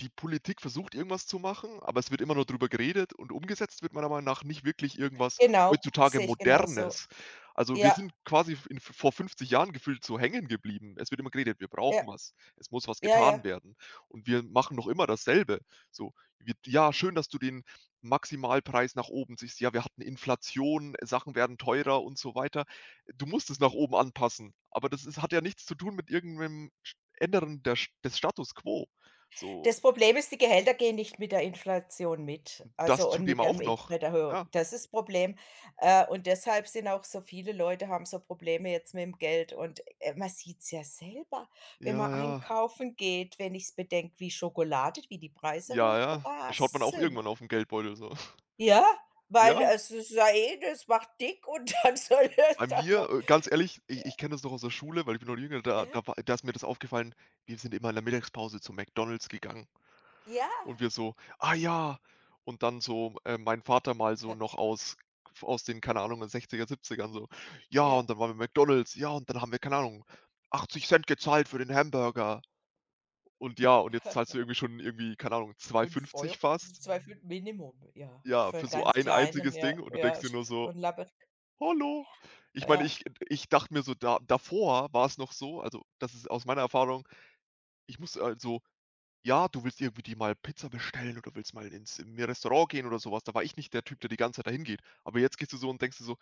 Die Politik versucht irgendwas zu machen, aber es wird immer nur drüber geredet und umgesetzt wird meiner Meinung nach nicht wirklich irgendwas Genau, heutzutage sehe ich genauso. Modernes. Also wir Ja. sind quasi f in v vor 50 Jahren gefühlt so hängen geblieben. Es wird immer geredet: „Wir Ja. brauchen was, es muss was Ja, ja. getan werden“, und wir machen noch immer dasselbe. So wird ja schön, dass du den Maximalpreis nach oben ziehst. Ja, wir hatten Inflation, Sachen werden teurer und so weiter. Du musst es nach oben anpassen, aber das ist hat ja nichts zu tun mit irgendeinem sch ändern der des Status quo, so. Das Problem ist, die Gehälter gehen nicht mit der Inflation mit, Das also und zudem mit der auch Miet noch. Mieterhöhung. Ja. Das ist Problem. Äh, und deshalb sind auch so viele Leute haben so Probleme jetzt mit'm Geld und, äh, man sieht's ja selber, wenn Ja, man ja. einkaufen geht, wenn ich's bedenke, wie Schokolade wie die Preise Ja, ja, da schaut man hochgerast auch sind. irgendwann auf 'n Geldbeutel so. Ja, weil Ja. es ist ja eh das macht dick und dann soll Bei es da mir, noch äh, ganz ehrlich, i ich kenne das noch aus der Schule, weil ich bin noch jünger, da Äh. da war da ist mir das aufgefallen, wir sind immer in der Mittagspause zu McDonald's gegangen Ja. und wir so: „Ah, ja“, und dann so, äh, mein Vater mal so noch aus aus den, keine Ahnung, 60er, 70ern so: „Ja, Ja. und dann waren wir McDonald's. Ja, und dann haben wir, keine Ahnung, 80 Cent gezahlt für den Hamburger“, und ja und jetzt zahlst du irgendwie schon irgendwie, keine Ahnung, zwei fünf fünfzig Euro, fast. 2,50 € Minimum, ja. Ja, Für für 'n so ganz ein Kleinen, einziges ja, Ding und du denkst ja, dir so nur so: 'n labberig „Hallo?“ Ich meine, Ja. ich ich dachte mir so da davor war's noch so, also das ist aus meiner Erfahrung, ich muss also ja, du willst irgendwie dir mal Pizza bestellen oder willst mal ins in 'n Restaurant gehen oder so was. Da war ich nicht der Typ, der die ganze Zeit dahin geht. Aber jetzt gehst du so und denkst dir so,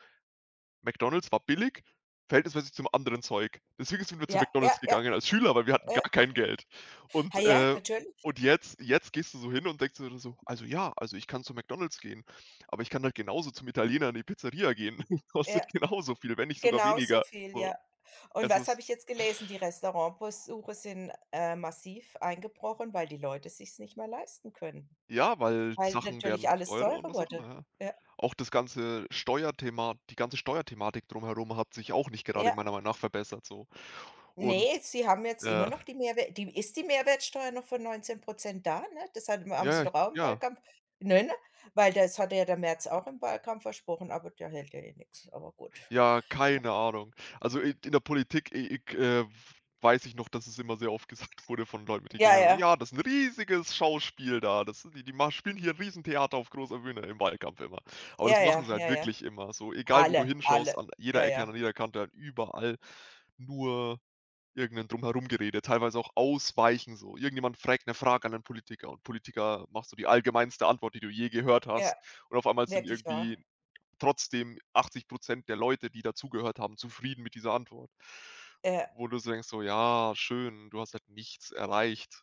„McDonald's war billig, verhältnismäßig zum anderen Zeug.“ Deswegen sind wir zu Ja, ja, McDonald's ja. gegangen als Schüler, weil wir hatten Ja. gar kein Geld Hä, und, ja, äh natürlich. und jetzt jetzt gehst du so hin und denkst dir so: „Also ja also ich kann zu McDonald's gehen, aber ich kann halt genauso zum Italiener in die Pizzeria gehen. Kostet Ja, genauso viel, wenn nicht sogar genau so weniger“, viel, so, ja, und es was ist habe ich jetzt gelesen? Die Restaurantbesuche sind, äh, massiv eingebrochen, weil die Leute sich's nicht mehr leisten können, Ja, weil weil Sachen natürlich werden alles teurer und teurer was auch immer, wurde. ja. Ja. Auch das ganze Steuerthema, die ganze Steuerthematik drumherum hat sich auch nicht gerade Ja. meiner Meinung nach verbessert so, und, Ne, sie haben jetzt immer äh noch die Mehrwer die ist die Mehrwertsteuer noch von 19% da, ne? Das haben haben sie Ja, ja, doch auch im ja. Wahlkampf, ne, ne? Weil das hatte ja der Merz [unintelligible] auch im Wahlkampf versprochen, aber der hält ja eh nix, aber gut. Ja, [unintelligible] keine Ahnung. Also in in der Politik, i i ich, äh, weiß ich noch, dass es immer sehr oft gesagt wurde von Leuten mit: Ja, [unintelligible] ja. „Ja, das 'n riesiges Schauspiel da. Das, die die ma spielen hier 'n riesen Theater auf großer Bühne im Wahlkampf immer.“ Aber Ja, das machen ja. sie halt Ja, ja. wirklich immer, so egal wo du Alle, alle. hinschaust, an jeder Ja, Ecke, an ja. jeder Kante, halt überall nur irgendein Drumherum-Gerede, teilweise auch Ausweichen. So irgendjemand fragt 'ne Frage an 'nen Politiker und Politiker macht so die allgemeinste Antwort, die du je gehört Ja, hast und auf einmal sind wirklich wahr. irgendwie trotzdem 80% der Leute, die da zugehört haben, zufrieden mit dieser Antwort Ja. wo du denkst so: „Ja schön, du hast halt nichts erreicht.“